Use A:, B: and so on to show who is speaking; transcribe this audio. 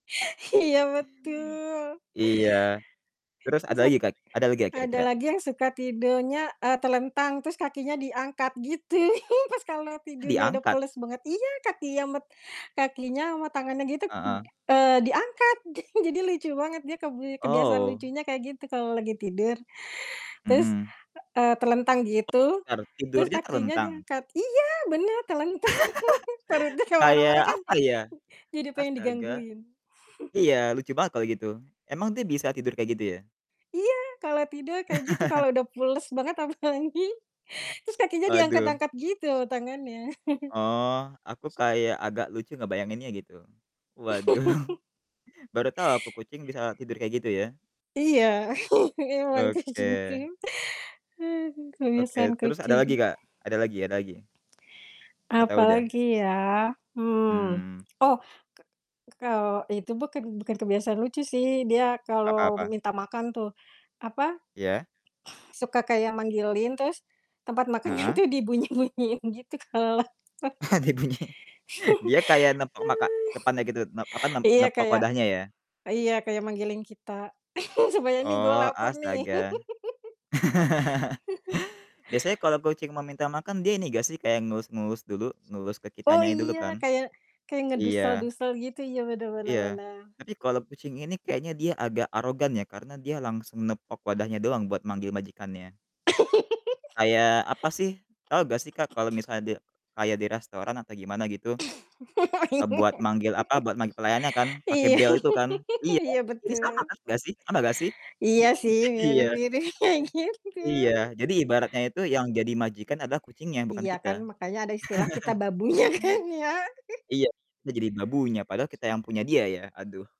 A: Iya betul.
B: Iya, terus
A: Terus
B: ada lagi
A: 1 lagi,
B: kat ada lagi gak
A: ada
B: kira-kira?
A: lagi yang suka tidurnya, eee, telentang terus kakinya diangkat gitu, pas kalo tidurnya udah
B: Diangkat?
A: pules banget iya, kakinya met kakinya sama tangannya gitu,
B: Heeh.
A: eee, diangkat jadi jadi lucu banget dia kebi kebiasaan
B: Oh.
A: lucunya kayak gitu kalo lagi tidur. Terus,
B: Mhm.
A: eee, telentang gitu,
B: Bentar,
A: terus
B: tidurnya
A: kakinya
B: telentang?
A: diangkat iya, bener, telentang, perutnya ke mana-mana
B: Kayak
A: kan,
B: apa ya?
A: jadi pengen
B: Astaga.
A: digangguin.
B: Iya lucu banget kalo gitu. Emang dia bisa tidur kayak gitu ya?
A: Iya, kalau tidur kayak gitu, kalau udah pules banget apalagi. Terus kakinya
B: Waduh.
A: diangkat-angkat gitu tangannya.
B: Oh, aku kayak agak lucu ngebayanginnya gitu. Waduh baru tahu aku, kucing bisa tidur kayak gitu ya.
A: Iya memang
B: Oke.
A: kucingku. Aduh,
B: Oke,
A: kebiasaan
B: terus ada lagi,
A: kucing.
B: Kak? Ada lagi ada lagi? Atau udah?
A: Apalagi ya, mmm.
B: Mmm.
A: Oh, ka ka kalau itu bukan bukan kebiasaan lucu sih, dia
B: Apa
A: kalau
B: apa?
A: minta makan tuh, apa,
B: Iya?
A: suka kayak manggilin terus tempat makanannya
B: Heeh?
A: tuh dibunyi-bunyiin gitu kalau lapar.
B: Ah, dia bunyi. Dia kayak nepok maka depannya gitu ne apa, nep
A: Iya
B: nepok
A: kayak
B: wadahnya ya?
A: iya kayak manggilin kita, "Sebenernya nih gua
B: Oh,
A: laper nih."
B: astaga. Biasanya kalo kucing mau minta makan dia ini gak sih, kayak ngelus-ngelus dulu, ngelus ke
A: Oh,
B: kitanya dulu
A: iya,
B: kan?
A: kayak kayak
B: Iya.
A: ngedusel-dusel gitu, iya bener bener
B: Iya,
A: bener.
B: tapi kalo kucing ini kayaknya dia agak arogan ya, karena dia langsung nepok wadahnya doang buat manggil majikannya. Kayak apa sih, tahu gak sih Kak, kalo misalnya de kayak di restoran atau gimana gitu, eee, buat manggil apa, buat manggil pelayannya kan, pake
A: iya,
B: bel itu kan? Iya,
A: iya
B: ini sama
A: betul.
B: gak sih sama gak sih?
A: Iya, sih
B: Iya.
A: mirip gitu kayak gitu.
B: Iya, jadi ibaratnya itu yang jadi majikan adalah kucingnya, bukan
A: Iya kan
B: kita.
A: makanya ada istilah, "Kita babunya" kan ya?
B: Iya, kita jadi babunya padahal kita yang punya dia ya, aduh.